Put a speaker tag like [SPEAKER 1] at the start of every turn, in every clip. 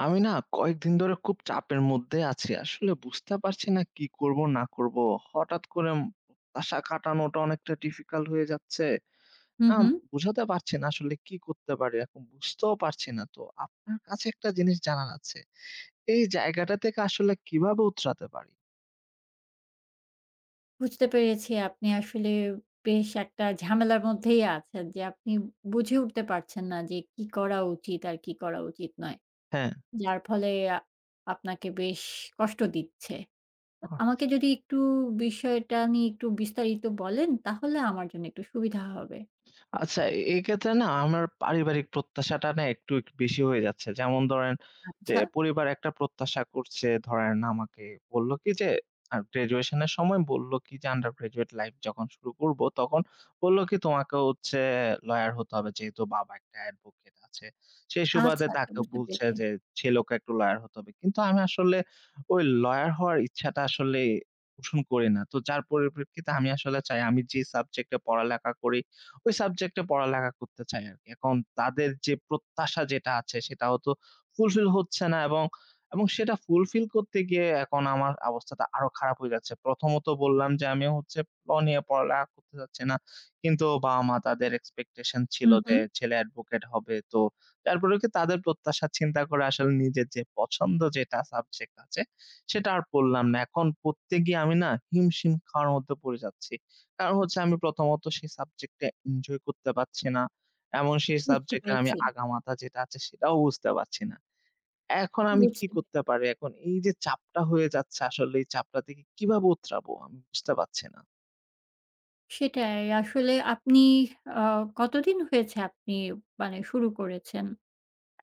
[SPEAKER 1] আমি না কয়েকদিন ধরে খুব চাপের মধ্যে আছি। আসলে বুঝতে পারছি না কি করব, না করব। হঠাৎ করে আশা খাটানোটা অনেকটা difficult হয়ে যাচ্ছে।
[SPEAKER 2] হুম,
[SPEAKER 1] আম
[SPEAKER 2] হুম।
[SPEAKER 1] বুঝাতে পারছি না আসলে কি করতে পারি এখন বুঝতেও পারছি না। তো আপনার কাছে একটা জিনিস জানার আছে। এই জায়গাটা থেকে আসলে কিভাবে উতরাতে পারি?
[SPEAKER 2] বুঝতে পেরেছি। আপনি আসলে বেশ একটা ঝামেলার মধ্যেই আছেন, যে আপনি বুঝে উঠতে পারছেন না যে কি করা উচিত আর কি করা উচিত নয়।
[SPEAKER 1] হ্যাঁ।
[SPEAKER 2] যার ফলে এ আ আপনাকে বেশ কষ্ট দিচ্ছে। আমাকে
[SPEAKER 1] আচ্ছা।
[SPEAKER 2] যদি একটু বিষয়টা নিয়ে একটু বিস্তারিত বলেন তাহলে আমার জন্য একটু সুবিধা হবে।
[SPEAKER 1] আচ্ছা, এ এক্ষেত্রে না আমার পারিবারিক প্রত্যাশাটা না একটু এ বেশি হয়ে যাচ্ছে। যেমন ধরেন যে
[SPEAKER 2] আচ্ছা।
[SPEAKER 1] পরিবার একটা প্রত্যাশা করছে ধরেন আমাকে বললো কি যে graduation এর সময় বলল কি যে under graduate life যখন শুরু করব তখন বললো কি তোমাকে হচ্ছে lawyer হতে হবে, যেহেতু বাবা একটা advocate আছে। সেই
[SPEAKER 2] আচ্ছা,
[SPEAKER 1] সুবাদে
[SPEAKER 2] আচ্ছা
[SPEAKER 1] তাকে
[SPEAKER 2] বুঝতে
[SPEAKER 1] বলছে
[SPEAKER 2] পেরেছি।
[SPEAKER 1] যে ছেলেওকে একটু lawyer হতে হবে। কিন্তু আমি আসলে ওই lawyer হওয়ার ইচ্ছাটা আসলে পোষণ করি না। তো যার পরিপ্রেক্ষিতে আমি আসলে চাই আমি যে subject এ পড়ালেখা করি ওই subject এ পড়ালেখা করতে চাই আরকি। এখন তাদের যে প্রত্যাশা যেটা আছে সেটাও তো fulfill হচ্ছে না এবং, এবং সেটা fulfill করতে গিয়ে এখন আমার অবস্থাটা আরো খারাপ হয়ে যাচ্ছে। প্রথমত, বললাম যে আমি হচ্ছে law নিয়ে পড়ালেখা করতে চাচ্ছি না কিন্তু বাবা মা তাদের expectation ছিল
[SPEAKER 2] হুম,
[SPEAKER 1] যে
[SPEAKER 2] হুম।
[SPEAKER 1] ছেলে advocate হবে তো, তারপরে কি তাদের প্রত্যাশার চিন্তা করে আসলে নিজের যে পছন্দ যেটা subject আছে সেটা আর পড়লাম না। এখন পড়তে গিয়ে আমি না হিমশিম খাওয়ার মত পড়ে যাচ্ছি। কারণ হচ্ছে আমি প্রথমত সেই subject টা enjoy করতে পারছি না। এবং সেই
[SPEAKER 2] বুঝতে
[SPEAKER 1] subject এর আমি
[SPEAKER 2] পেরেছি।
[SPEAKER 1] আগামাথা যেটা আছে সেটাও বুঝতে পারছি না। এখন আমি কি
[SPEAKER 2] বুঝতে
[SPEAKER 1] করতে পারি? এখন এই যে চাপটা হয়ে যাচ্ছে, আসলে এই চাপটা থেকে কিভাবে উতরাবো আমি বুঝতে পারছি না।
[SPEAKER 2] সেটাই, আসলে আপনি আ কতদিন হয়েছে আপনি মানে শুরু করেছেন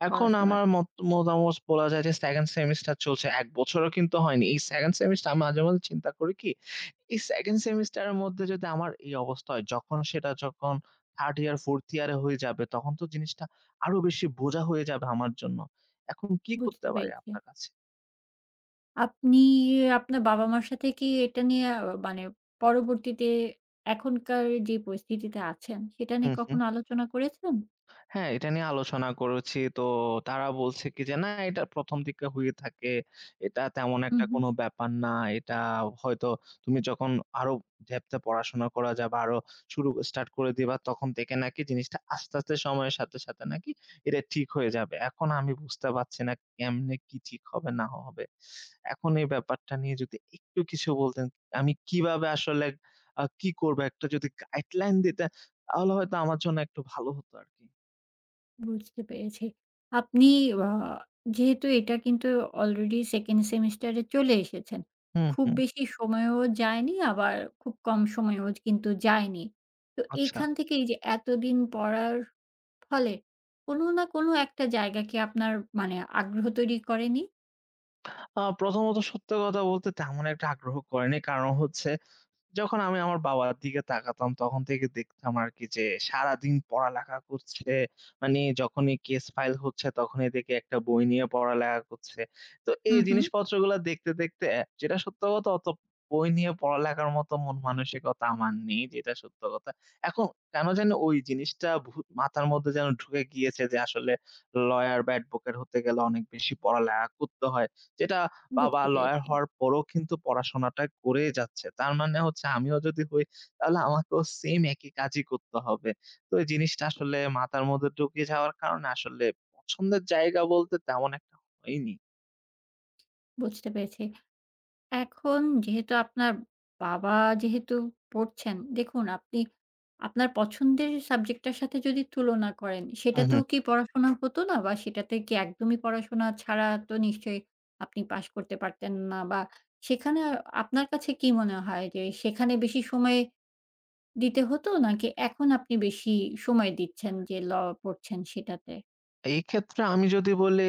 [SPEAKER 1] এখন আমার
[SPEAKER 2] পড়াশোনাটা?
[SPEAKER 1] মত মতামত বলা যায় যে 2nd semester চলছে। ১ বছরও কিন্তু হয়নি। এই 2nd semester আমি মাঝে, মাঝে চিন্তা করি কি, এই 2nd semester এর মধ্যে যদি আমার এই অবস্থা হয় যখন সেটা যখন 3rd year, 4th year হয়ে যাবে তখন তো জিনিসটা আরো বেশি বোঝা হয়ে যাবে আমার জন্য। এখন কি
[SPEAKER 2] বুঝতে
[SPEAKER 1] করতে পারি
[SPEAKER 2] পেরেছি।
[SPEAKER 1] আপনার কাছে?
[SPEAKER 2] আপনি আপনার বাবা মার সাথে কি এটা নিয়ে আ মানে পরবর্তীতে এখনকার যে পরিস্থিতিতে আছেন সেটা নিয়ে
[SPEAKER 1] হুম, হুম।
[SPEAKER 2] কখনো আলোচনা করেছেন?
[SPEAKER 1] হ্যাঁ, এটা নিয়ে আলোচনা করেছি। তো তারা বলছে কি যে না, এটা ১ম দিকে হয়ে থাকে। এটা তেমন
[SPEAKER 2] হুম,
[SPEAKER 1] একটা
[SPEAKER 2] হুম।
[SPEAKER 1] কোন ব্যাপার না। এটা হয়তো তুমি যখন আরো depth এ পড়াশোনা করা যাবা আরো শুরু স্টার্ট করে দিবা তখন থেকে নাকি জিনিসটা আস্তে, আস্তে সাথে সাথে নাকি এটা ঠিক হয়ে যাবে। এখন আমি বুঝতে পারছি না কেমনে কি ঠিক হবে ন না হবে। এখন এই ব্যাপারটা নিয়ে যদি একটু কিছু বলতেন, আমি কিভাবে আসলে আ কি করব? একটা যদি guideline দিতেন, তাহলে হয়তো আমার জন্য একটু ভালো হতো আরকি।
[SPEAKER 2] বুঝতে পেরেছি। আপনি আ যেহেতু এটা কিন্তু আলরেডি সেকেন্ড সেমিস্টার এ চলে এসেছেন।
[SPEAKER 1] হু,
[SPEAKER 2] খুব
[SPEAKER 1] হু।
[SPEAKER 2] বেশি সময়ও যায়নি, আবার খুব কম সময়ও কিন্তু যায়নি। তো
[SPEAKER 1] আচ্ছা।
[SPEAKER 2] এখান থেকেই যে এতদিন পড়ার ফলে কোনো না কোনো একটা জায়গা কি আপনার মানে আগ্রহ তৈরী করেনি?
[SPEAKER 1] আ প্রথমত, সত্য কথা বলতে তেমন একটা আগ্রহ করেনি। কারণ হচ্ছে যখন আমি আমার বাবার দিকে তাকাতাম, তখন থেকে দেখতাম আরকি যে সারাদিন পড়ালেখা করছে। মানে যখনই কেস ফাইল হচ্ছে তখনই দেখি একটা বই নিয়ে পড়ালেখা করছে। তো
[SPEAKER 2] হু,
[SPEAKER 1] এই
[SPEAKER 2] হু।
[SPEAKER 1] জিনিসপত্রগুলা দেখতে, দেখতে অ্যা যেটা সত্য কথা অত বই নিয়ে পড়ালেখার মতো মন-মানসিকতা আমার নেই। যেটা সত্য কথা। এখন কেন যেন ওই জিনিসটা ভু মাথার মধ্যে যেন ঢুকে গিয়েছে। যে আসলে ল্ইয়ার বা এডভোকেট হতে গেলে অনেক বেশি পড়ালেখা করতে হয়। যেটা বাবা
[SPEAKER 2] বুঝতে
[SPEAKER 1] লইয়ার
[SPEAKER 2] পেরেছি।
[SPEAKER 1] হওয়ার পরেও কিন্তু পড়াশোনাটা করেই যাচ্ছে। তার মানে হচ্ছে আমিও যদি হই, তাহলে আমাকেও সেইম একই কাজই করতে হবে। তো এই জিনিসটা আসলে মাথার মধ্যে ঢুকে যাওয়ার কারণে, আসলে পছন্দের জায়গা বলতে তেমন একটা হয়নি।
[SPEAKER 2] বুঝতে পেরেছি। এখন যেহেতু আপনার বাবা যেহেতু পড়ছেন, দেখুন আপনি আপনার পছন্দের সাবজেক্টটার সাথে যদি তুলনা করেন,
[SPEAKER 1] হু, হু।
[SPEAKER 2] সেটাতেও কি পড়াশোনা হতো না? বা সেটাতে কি একদমই পড়াশোনা ছাড়া তো নিশ্চই আপনি পাশ করতে পারতেন না? বা সেখানে আ আপনার কাছে কি মনে হয়? যে সেখানে বেশি সময় দিতে হতো, নাকি এখন আপনি বেশি সময় দিচ্ছেন, যে law পড়ছেন, সেটাতে?
[SPEAKER 1] এক্ষেত্রে আমি যদি বলি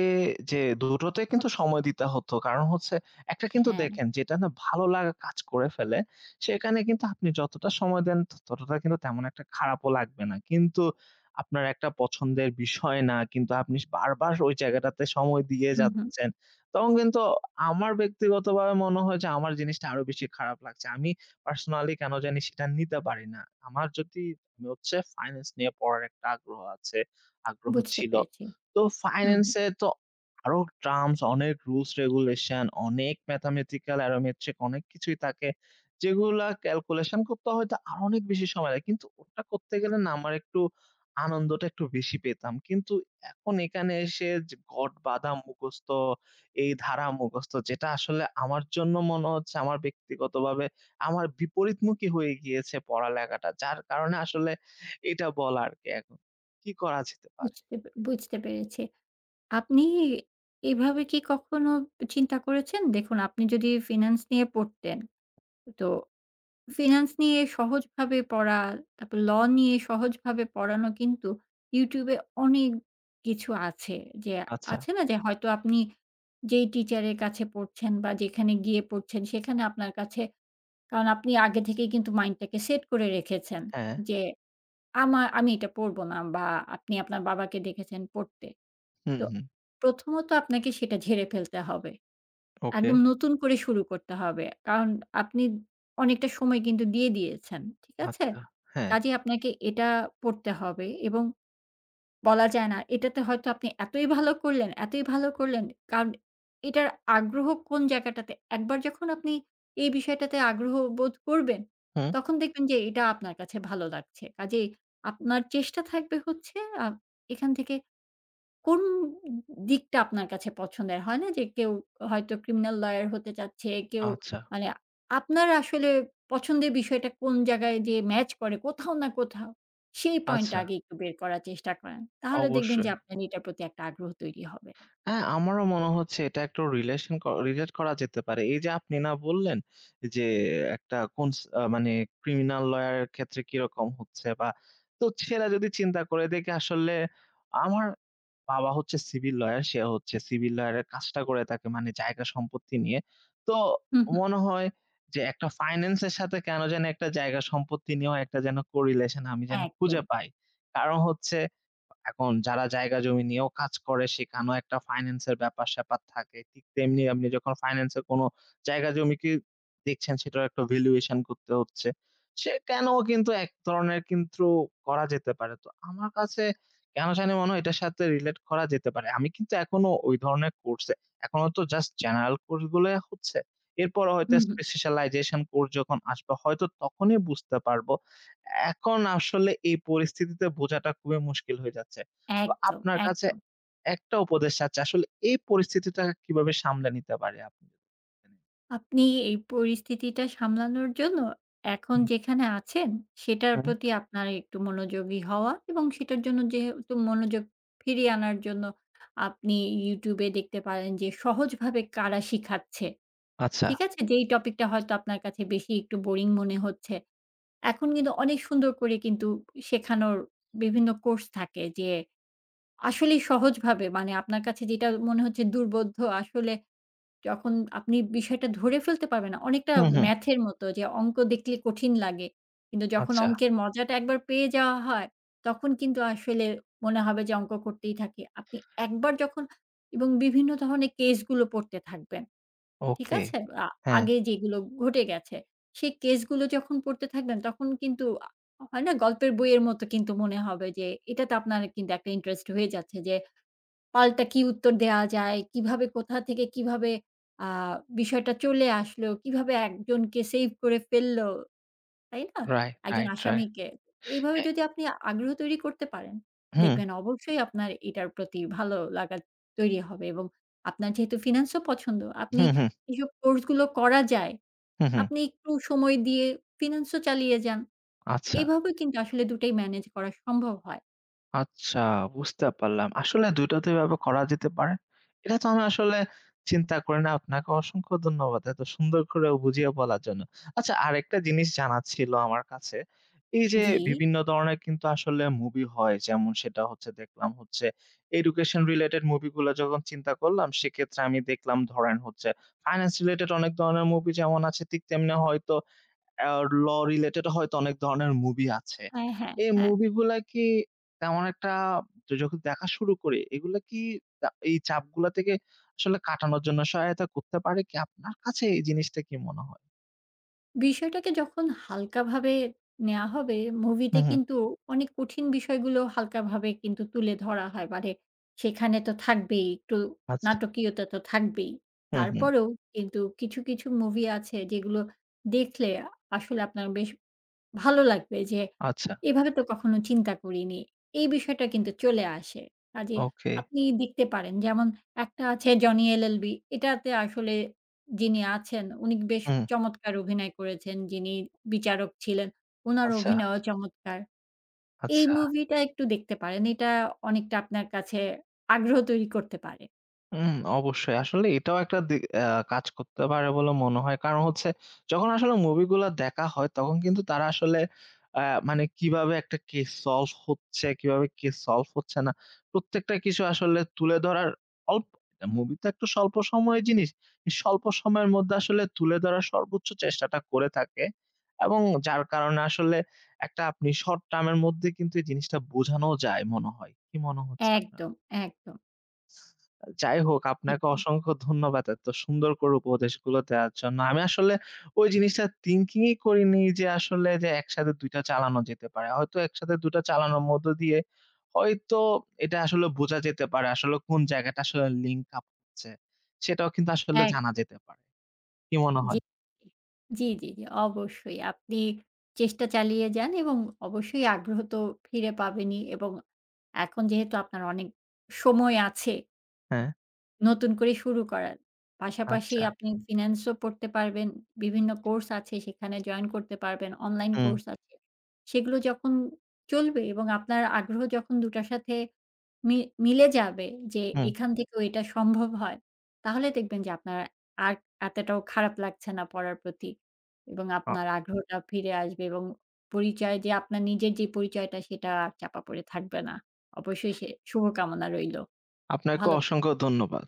[SPEAKER 1] যে ২ টোতেই কিন্তু সময় দিতে হতো কারণ হচ্ছে, একটা কিন্তু
[SPEAKER 2] হ্যাঁ।
[SPEAKER 1] দেখেন যেটা না, ভালো লাগা কাজ করে ফেলে, সেখানে কিন্তু আপনি যতটা সময় দেন, ততটা কিন্তু তেমন একটা খারাপও লাগবে না কিন্তু আপনার একটা পছন্দের বিষয় না, কিন্তু আপনি স বারবার ওই জায়গাটাতে সময় দিয়ে
[SPEAKER 2] হু, হু।
[SPEAKER 1] যাচ্ছেন, তখন কিন্তু আমার ব্যক্তিগতভাবে মনে হয় যে আমার জিনিসটা আরো বেশি খারাপ লাগছে। আমি পার্সোনালি কেন জানি সেটা নিতে পারি না। আমার যদি হচ্ছে ফাইনান্স নিয়ে পড়ার একটা আগ্রহ আছে, আগ্রহ
[SPEAKER 2] বুঝতে
[SPEAKER 1] ছিল।
[SPEAKER 2] পেরেছি,
[SPEAKER 1] তো
[SPEAKER 2] হু,
[SPEAKER 1] ফাইনান্স
[SPEAKER 2] হু।
[SPEAKER 1] এ তো আরো টার্মস, অনেক রুলস regulation অনেক mathematical aromatric অনেক কিছুই থাকে, যেগুলা calculation করতে হয়তো আরো অনেক বেশি সময় লাগে। কিন্তু ওটা করতে গেলে না, আমার একটু আনন্দটা একটু বেশি পেতাম কিন্তু এখন এখানে এসে যে ঘট বাঁধা মুখস্থ, এই ধারা মুখস্থ। যেটা আসলে আমার জন্য মনে হচ্ছে, আমার ব্যক্তিগতভাবে আমার বিপরীতমুখী হয়ে গিয়েছে পড়ালেখাটা। যার কারণে আসলে এটা বলার কি এখন, কি করা যেতে পারে?
[SPEAKER 2] বুঝতে পে বুঝতে পেরেছি। আপনি এভাবে কি কখনো এ চিন্তা করেছেন? দেখুন, আপনি যদি ফিন্যান্স নিয়ে পড়তেন, তো ফিন্যান্স নিয়ে সহজভাবে পড়া, তারপর law নিয়ে সহজভাবে পড়ানো কিন্তু ইউটিউব এ অনেক কিছু আছে। যে
[SPEAKER 1] আচ্ছা।
[SPEAKER 2] আছে না, যে হয়তো আপনি যেই টিচার এর কাছে পড়ছেন, বা যেখানে গিয়ে পড়ছেন, সেখানে আপনার কাছে, কারণ আপনি আগে থেকেই কিন্তু মাইন্ডটাকে সেট করে রেখেছেন,
[SPEAKER 1] হ্যাঁ।
[SPEAKER 2] যে আমার, আমি এটা পড়ব না, বা আপনি আপনার বাবাকে দেখেছেন পড়তে।
[SPEAKER 1] হুম,
[SPEAKER 2] তো
[SPEAKER 1] হুম।
[SPEAKER 2] প্রথমত আপনাকে সেটা ঝেড়ে ফেলতে হবে।
[SPEAKER 1] ওকে।
[SPEAKER 2] একদম নতুন করে শুরু করতে হবে। কারণ আপনি অনেকটা সময় কিন্তু দিয়ে দিয়েছেন। ঠিক আছে?
[SPEAKER 1] আচ্ছা, হ্যাঁ।
[SPEAKER 2] কাজেই আপনাকে এটা পড়তে হবে এবং বলা যায় না, এটাতে হয়তো আপনি এতই ভালো করলেন, এতই ভালো করলেন কারণ এটার আগ্রহ কোন জায়গাটাতে, একবার যখন আপনি এই বিষয়টাতে আগ্রহ বোধ করবেন,
[SPEAKER 1] হুম।
[SPEAKER 2] তখন দেখবেন যে এটা আপনার কাছে ভালো লাগছে। কাজেই আপনার চেষ্টা থাকবে হচ্ছে আ এখান থেকে কোন দিকটা আপনার কাছে পছন্দের হয় না? যে কেউ হয়তো ক্রিমিনাল লইয়ার হতে চাচ্ছে, কেউ
[SPEAKER 1] আচ্ছা।
[SPEAKER 2] মানে আপনার আসলে পছন্দের বিষয়টা কোন জায়গায় যেয়ে ম্যাচ করে, কোথাও না কোথাও সেই পয়েন্টটা
[SPEAKER 1] আচ্ছা।
[SPEAKER 2] আগে একটু বের করার চেষ্টা করেন। তাহলে দেখবেন যে
[SPEAKER 1] অবশ্যই।
[SPEAKER 2] আপনার এটার প্রতি একটা আগ্রহ তৈরি হবে।
[SPEAKER 1] হ্যাঁ, আমারও মনে হচ্ছে এটা একটা রিলেশন কর relate করা যেতে পারে। এই যে আপনি না বললেন? যে একটা কন্স মানে criminal lawyer এর ক্ষেত্রে কিরকম হচ্ছে বা তো ছেরা যদি চিন্তা করে দেখে, আসলে আমার বাবা হচ্ছে civil lawyer সে হচ্ছে civil lawyer কাজটা করে থাকে, মানে জায়গা সম্পত্তি নিয়ে। তো
[SPEAKER 2] হু, হু।
[SPEAKER 1] মনে হয় যে একটা ফাইনান্স এর সাথে কেন যানি একটা জায়গা সম্পত্তি নিয়েও একটা যেন correlation আমি যেন
[SPEAKER 2] একদম।
[SPEAKER 1] খুঁজে পাই। কারণ হচ্ছে এখন যারা জায়গা জমি নিয়েও কাজ করে, সেখানেও একটা ফাইনান্স এর ব্যাপার স্যাপার থাকে। ঠিক তেমনি এমনি যখন ফাইনান্স এর কোন জায়গায়-জমি, কি দেখছেন, সেটারও একটা valuation করতে হচ্ছে। সে কেন কিন্তু এক ধরণের কিন্তু করা যেতে পারে। তো আমার কাছে কেন জানি মনে হয়, এটার সাথে রিলেট করা যেতে পারে। আমি কিন্তু এখনো ঐ ধরনের কোর্সে, এখনো তো জাস্ট জেনারেল কোর্স গুলাই হচ্ছে। এরপর
[SPEAKER 2] হু,
[SPEAKER 1] হয়তো
[SPEAKER 2] হু।
[SPEAKER 1] specialisation কোর্স যখন আসবে, হয়তো তখনই বুঝতে পারব। এখন আসলে এই পরিস্থিতিতে বোঝাটা খুবই মুশকিল হয়ে যাচ্ছে। তো
[SPEAKER 2] একদম,
[SPEAKER 1] আপনার কাছে
[SPEAKER 2] একদম।
[SPEAKER 1] একটা উপদেশ চাচ্ছি আসলে, এই পরিস্থিতিটা কিভাবে সামলে নিতে পারি আমি?
[SPEAKER 2] আপনি এই পরিস্থিতিটা সামলানোর জন্য এখন
[SPEAKER 1] হুম।
[SPEAKER 2] যেখানে আছেন, সেটার
[SPEAKER 1] হুম।
[SPEAKER 2] প্রতি আপনার একটু মনোযোগী হওয়া এবং সেটার জন্য যেহেতু মনোযোগ ফিরিয়ে আনার জন্য আপনি ইউটিউব এ দেখতে পারেন যে সহজভাবে কারা শিখাচ্ছে,
[SPEAKER 1] আচ্ছা।
[SPEAKER 2] ঠিক আছে? যেই টপিকটা হয়তো আপনার কাছে বেশি একটু বোরিং মনে হচ্ছে। এখন কিন্তু অনেক সুন্দর করে কিন্তু শেখানোর বিভিন্ন কোর্স থাকে যে আসলেই সহজভাবে মানে আপনার কাছে যেটা মনে হচ্ছে দুর্বোধ্য আসলে যখন আপনি বিষয়টা ধরে ফেলতে পারবেনা, অনেকটা
[SPEAKER 1] হুম, হুম।
[SPEAKER 2] math এর মতো, যে অংক দেখলে কঠিন লাগে। কিন্তু যখন
[SPEAKER 1] আচ্ছা।
[SPEAKER 2] অঙ্কের মজাটা একবার পেয়ে যাওয়া হয়, তখন কিন্তু আসলে মনে হবে যে অঙ্ক করতেই থাকি। আপনি একবার যখন এবং বিভিন্ন ধরনের কেস গুলো পড়তে থাকবেন। ঠিক
[SPEAKER 1] ওকে,
[SPEAKER 2] আছে? আ
[SPEAKER 1] হ্যাঁ।
[SPEAKER 2] আগে যেগুলো ঘটে গেছে, সে কেস গুলো যখন পড়তে থাকবেন তখন কিন্তু আ হয় না? গল্পের বইয়ের মতো কিন্তু মনে হবে যে এটাতে আপনার কিন্তু একটা ইন্টারেস্ট হয়ে যাচ্ছে। যে পাল্টা কি উত্তর দেয়া যায়? কিভাবে কোথা থেকে কিভাবে আ বিষয়টা চলে আসলো? কিভাবে একজনকে সেভ করে ফেলল? তাই না?
[SPEAKER 1] রাইট,
[SPEAKER 2] একজন
[SPEAKER 1] রাইট রাইট,
[SPEAKER 2] আসামিকে। এইভাবে
[SPEAKER 1] হ্যাঁ।
[SPEAKER 2] যদি আপনি আগ্রহ তৈরি করতে পারেন,
[SPEAKER 1] হুম।
[SPEAKER 2] দেখবেন অবশ্যই আপনার এটার প্রতি ভালো লাগা তৈরি হবে। এবং আপনার যেহেতু ফিনান্স ও পছন্দ আপনি
[SPEAKER 1] হুম, হুম।
[SPEAKER 2] এসব কোর্স গুলো করা যায়
[SPEAKER 1] হু, হু।
[SPEAKER 2] আপনি একটু সময় দিয়ে ফিনান্স ও চালিয়ে যান।
[SPEAKER 1] আচ্ছা।
[SPEAKER 2] এভাবে কিন্তু আসলে ২ টাই মেনেজ করা সম্ভব হয়।
[SPEAKER 1] আচ্ছা, বুঝতে পারলাম। আসলে দুই টা তো এভাবে করা যেতে পারে। এটা তো আমি আসলে চিন্তা করি নাই, আপনাকে অসংখ্য ধন্যবাদ। এত সুন্দর করে বুঝিয়ে বলার জন্য। আচ্ছা, আরেকটা জিনিস জানার ছিল আমার কাছে। এই যে
[SPEAKER 2] জি?
[SPEAKER 1] বিভিন্ন ধরনের কিন্তু আসলে মুভি হয়, যেমন সেটা হচ্ছে দেখলাম হচ্ছে এডুকেশন রিলেটেড মুভিগুলা, যখন চিন্তা করলাম, সেক্ষেত্রে আমি দেখলাম ধরেন হচ্ছে ফাইনান্স রিলেটেড অনেক ধরনের মুভি যেমন আছে, তেমনি হয়তো অ্যাও ল রিলেটেড হয়তো অনেক ধরনের মুভি আছে।
[SPEAKER 2] হ্যাঁ, হ্যাঁ,
[SPEAKER 1] এই
[SPEAKER 2] হ্যাঁ।
[SPEAKER 1] মুভিগুলা কি তেমন একটা যখ দেখা শুরু করি? এগুলা কি দা এই চাপগুলা থেকে আসলে কাটানোর জন্য সহায়তা করতে পারে? কি আপনার কাছে এই জিনিসটা কি মনে হয়?
[SPEAKER 2] বিষয়টাকে যখন হালকা ভাবে নেয়া হবে,
[SPEAKER 1] হু,
[SPEAKER 2] মুভিতে
[SPEAKER 1] হু।
[SPEAKER 2] কিন্তু অনেক কঠিন বিষয়গুলোও হালকা ভাবে কিন্তু তুলে ধরা হয়। মানে সেখানে তো থাকবেই একটু
[SPEAKER 1] আচ্ছা।
[SPEAKER 2] নাটকীয়তা, তো থাকবেই।
[SPEAKER 1] হু, হু।
[SPEAKER 2] তারপরেও কিন্তু কিছু, কিছু মুভি আছে, যেগুলো দেখলে আ আসলে আপনার বেশ ভালো লাগবে, যে
[SPEAKER 1] আচ্ছা।
[SPEAKER 2] এভাবে তো কখনো চিন্তা করিনি। এই বিষয়টা কিন্তু চলে আসে। কাজেই
[SPEAKER 1] ওকে।
[SPEAKER 2] আপনি দেখতে পারেন, যেমন একটা আছে "জনি এলএলবি।" এটাতে আসলে যিনি আছেন, উনি বেশ
[SPEAKER 1] হুম।
[SPEAKER 2] চমৎকার অভিনয় করেছেন, যিনি বিচারক ছিলেন। উনার
[SPEAKER 1] আচ্ছা।
[SPEAKER 2] অভিনয়ও চমৎকার। এই
[SPEAKER 1] আচ্ছা।
[SPEAKER 2] মুভিটা একটু দেখতে পারেন। এটা অনেকটা আপনার কাছে আগ্রহ তৈরি করতে পারে।
[SPEAKER 1] উম অবশ্যই। আসলে এটাও একটা দি এ্যা কাজ করতে পারে বলে মনে হয়। কারণ হচ্ছে, যখন আসলে movie গুলা দেখা হয়, তখন কিন্তু তারা আসলে এ্যা মানে কিভাবে একটা case solve হচ্ছে, কিভাবে case solve হচ্ছে না। প্রত্যেকটা কিছু আসলে তুলে ধরার অল্প [unintelligible] movie তো একটা স্বল্প সময়ের জিনিস। স্বল্প সময়ের মধ্যে আসলে তুলে ধরার সর্বোচ্চ চেষ্টাটা করে থাকে। এবং যার কারণে আসলে একটা আপনি short-term এর মধ্যে কিন্তু এই জিনিসটা বোঝানোও যায় মনে হয়। কি মনে হচ্ছে আপনার?
[SPEAKER 2] একদম, একদম।
[SPEAKER 1] যাই হোক,
[SPEAKER 2] জি,
[SPEAKER 1] আপনাকে
[SPEAKER 2] জি।
[SPEAKER 1] অসংখ্য ধন্যবাদ এত সুন্দর করে উপদেশগুলো দেওয়ার জন্য। আমি আসলে ওই জিনিসটা thinking ই করিনি যে আসলে যে একসাথে ২ টা চালানো যেতে পারে। হয়তো একসাথে ২ টা চালানোর মধ্য দিয়ে হয়তো এটা আসলে বোঝা যেতে পারে। আসলে কোন জায়গাটা আসলে link up হচ্ছে। সেটাও কিন্তু আসলে জানা
[SPEAKER 2] একদম।
[SPEAKER 1] যেতে পারে। কি মনে
[SPEAKER 2] জি।
[SPEAKER 1] হয়?
[SPEAKER 2] জি, জি, জি। অবশ্যই আপনি চেষ্টা চালিয়ে যান এবং অবশ্যই আগ্রহ তো ফিরে পাবেনই এবং এখন যেহেতু আপনার অনেক সময় আছে
[SPEAKER 1] হ্যাঁ।
[SPEAKER 2] নতুন করে শুরু করার। পাশাপাশি
[SPEAKER 1] আচ্ছা।
[SPEAKER 2] আপনি finance ও পড়তে পারবেন। বিভিন্ন কোর্স আছে সেখানে join করতে পারবেন অনলাইন
[SPEAKER 1] হুম।
[SPEAKER 2] কোর্স আছে। সেগুলো যখন চলবে এবং আপনার আগ্রহ যখন ২ টার সাথে মি মিলে যাবে যে
[SPEAKER 1] হুম।
[SPEAKER 2] এখান থেকেও এটা সম্ভব হয়, তাহলে দেখবেন যে আপনার আর এতটাও খারাপ লাগছে না পড়ার প্রতি এবং
[SPEAKER 1] আ
[SPEAKER 2] আপনার আগ্রহটা ফিরে আসবে এবং পরিচয় যে আপনার নিজের যে পরিচয়টা সেটা আর চাপা পড়ে থাকবে না। অবশ্যই সে শুভকামনা রইলো।
[SPEAKER 1] আপনাকেও
[SPEAKER 2] ভালো থাক
[SPEAKER 1] অসংখ্য ধন্যবাদ।